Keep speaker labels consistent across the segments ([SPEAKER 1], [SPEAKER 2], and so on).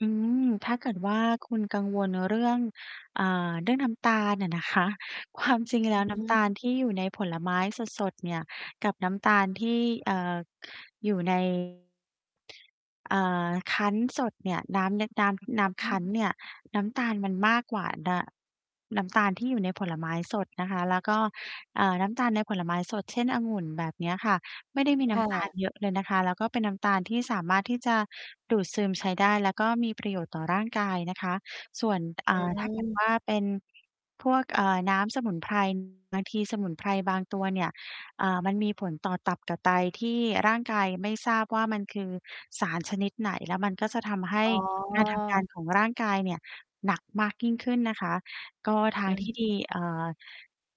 [SPEAKER 1] อืม ถ้าเกิดว่าคุณกังวลเรื่อง อ่า เรื่อง น้ำตาลอะนะคะ ความจริงแล้
[SPEAKER 2] อื
[SPEAKER 1] ว
[SPEAKER 2] อ
[SPEAKER 1] น
[SPEAKER 2] ฮ
[SPEAKER 1] ้ำต
[SPEAKER 2] ึ
[SPEAKER 1] าลที่อยู่ในผลไม้สด ๆ เนี่ย กับน้ำตาลที่ เอ่อ อยู่ ใน อ่า คั้นสดเนี่ย น้ำ น น้ำ น
[SPEAKER 2] อ
[SPEAKER 1] ้
[SPEAKER 2] ือฮ
[SPEAKER 1] ำค
[SPEAKER 2] ึ
[SPEAKER 1] ั้นเนี่ย น้ำตาลมันมากกว่า น น้ำตาลที่อยู่ในผลไม้สดนะคะ แล้วก็ อ่า น้ำตาลในผลไม้สด เช่น องุ่น แบบเนี้ยค่ะ ไม่ได้มี
[SPEAKER 2] ค
[SPEAKER 1] น้
[SPEAKER 2] ่
[SPEAKER 1] ำตาล
[SPEAKER 2] ะ
[SPEAKER 1] เยอะเลยนะคะ แล้วก็เป็นน้ำตาลที่สามารถที่จะดูดซึมใช้ได้ แล้วก็มีประโยชน์ต่อร่างกายนะคะ ส่วน อ
[SPEAKER 2] อ
[SPEAKER 1] ่า ถ้า เกิด
[SPEAKER 2] ืม
[SPEAKER 1] ว่า เป็น พวก เอ่อ น้ำสมุน ไพร บางทีสมุนไพรบางตัวเนี่ย อ่า มันมีผลต่อตับต่อไต ที่ร่างกายไม่ทราบว่ามันคือสารชนิดไหน แล้วมันก็จะทำให้
[SPEAKER 2] อ๋
[SPEAKER 1] การทำงาน
[SPEAKER 2] อ
[SPEAKER 1] ของร่างกายเนี่ย หนักมากยิ่งขึ้นนะคะ ก็ทา
[SPEAKER 2] อื
[SPEAKER 1] ง
[SPEAKER 2] อฮ
[SPEAKER 1] ที่ดี
[SPEAKER 2] ึ
[SPEAKER 1] เอ่อ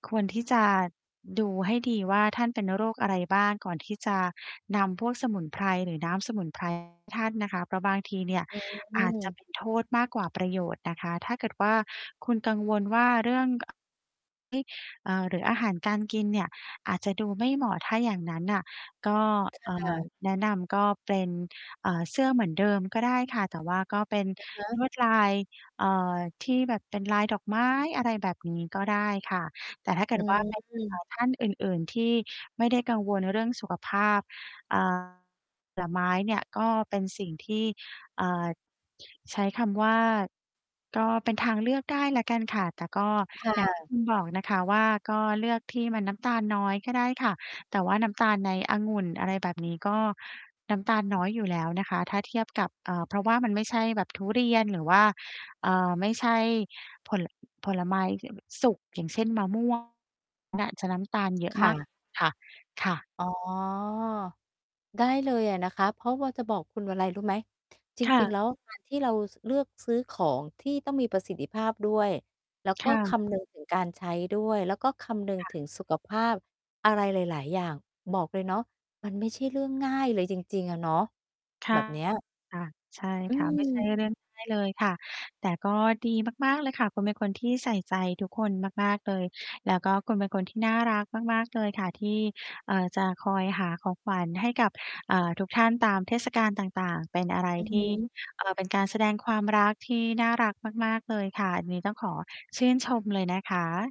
[SPEAKER 1] ควรที่จะดูให้ดีว่าท่านเป็นโรคอะไรบ้าง ก่อนที่จะนำพวกสมุนไพรหรือน้ำสมุน ไพรให้ ท่านนะคะ เพราะบางทีเนี่ย
[SPEAKER 2] อื
[SPEAKER 1] อาจจะ
[SPEAKER 2] ม
[SPEAKER 1] เป็นโทษมากกว่าประโยชน์นะคะ ถ้าเกิดว่าคุณกังวลว่าเรื่อง อ ไหม เอ่อ หรืออาหารการกินเนี่ยอาจจะดูไม่เหมาะ ถ้าอย่างนั้นน่ะ ก็ เอ่
[SPEAKER 2] ค่
[SPEAKER 1] อ
[SPEAKER 2] ะ
[SPEAKER 1] แนะนำก็เป็น อ่า เสื้อเหมือนเดิมก็ได้ค่ะ แต่ว่าก็เป็น
[SPEAKER 2] อะฮ
[SPEAKER 1] ล
[SPEAKER 2] ะ
[SPEAKER 1] วดลาย เอ่อ ที่แบบเป็นลายดอกไม้ อะไรแบบนี้ก็ได้ค่ะ แต่ถ้าเก
[SPEAKER 2] อ
[SPEAKER 1] ิ
[SPEAKER 2] ื
[SPEAKER 1] ดว่า เป็น อ่
[SPEAKER 2] ม
[SPEAKER 1] า ท่านอื่น ๆ ที่ไม่ได้กังวลเรื่องสุขภาพ อ่า ผลไม้เนี่ยก็เป็นสิ่งที่ อ่า ใช้คำว่า ก็เป็นทางเลือกได้แล้วกันค่ะ แต่ก็
[SPEAKER 2] ค่
[SPEAKER 1] อย่าง ที่
[SPEAKER 2] ะ
[SPEAKER 1] คุณบอกนะคะว่า ก็เลือกที่มันน้ำตาลน้อยก็ได้ค่ะ แต่ว่าน้ำตาลในองุ่น อะไรแบบนี้ ก็น้ำตาลน้อยอยู่แล้วนะคะ ถ้าเทียบกับ เอ่อ เพราะว่ามันไม่ใช่แบบทุเรียนหรือว่า เอ่อ ไม่ใช่ผล ผลไม้ที่ แบบสุก อย่างเช่น มะ ม่วง น่าจะน้ำตาลเยอะ
[SPEAKER 2] ค
[SPEAKER 1] ม
[SPEAKER 2] ่
[SPEAKER 1] าก กว
[SPEAKER 2] ะ
[SPEAKER 1] ่า ค่ะ ค่ะ
[SPEAKER 2] อ๋อ ได้เลยอะนะคะ เพราะว่าจะบอกคุณอะไรรู้ไหม จ
[SPEAKER 1] ค่
[SPEAKER 2] ริง
[SPEAKER 1] ะ
[SPEAKER 2] ๆ แล้ว การ ที่เรา ซ เลือกซื้อของที่ต้องมีประสิทธิภาพด้วย แล้วก
[SPEAKER 1] ค
[SPEAKER 2] ็
[SPEAKER 1] ่
[SPEAKER 2] ค
[SPEAKER 1] ะ
[SPEAKER 2] ำนึง ถึง การใช้ด้วย แล้วก็คำนึง
[SPEAKER 1] ค่
[SPEAKER 2] ถ
[SPEAKER 1] ะ
[SPEAKER 2] ึงสุขภาพอะไรหลาย ๆ อย่าง บอกเลยเนาะ มันไม่ใช่เรื่องง่ายเลยจริง ๆ อะเนาะ
[SPEAKER 1] ค
[SPEAKER 2] แ
[SPEAKER 1] ่
[SPEAKER 2] บ
[SPEAKER 1] ะ
[SPEAKER 2] บเนี้ย
[SPEAKER 1] ค่ะ ใช่
[SPEAKER 2] อื
[SPEAKER 1] ค่ะ ไม่ใช่
[SPEAKER 2] ม
[SPEAKER 1] เรื่องง่าย เลยค่ะ แต่ก็ดีมาก ๆ เลยค่ะ คุณเป็นคนที่ใส่ใจทุกคนมาก ๆ เลย แล้วก็คุณเป็นคนที่น่ารักมาก ๆ เลยค่ะ ที่ เอ่อ จะคอยหาของขวัญให้กับ อ่า ทุกท่านตามเทศกาลต่าง ๆ เป็นอะไร
[SPEAKER 2] อือฮ
[SPEAKER 1] ท
[SPEAKER 2] ึ
[SPEAKER 1] ี่ เอ่อ เป็นการแสดงความรักที่น่ารักมาก ๆ เลยค่ะ อันนี้ต้องขอชื่นชมเลยนะคะ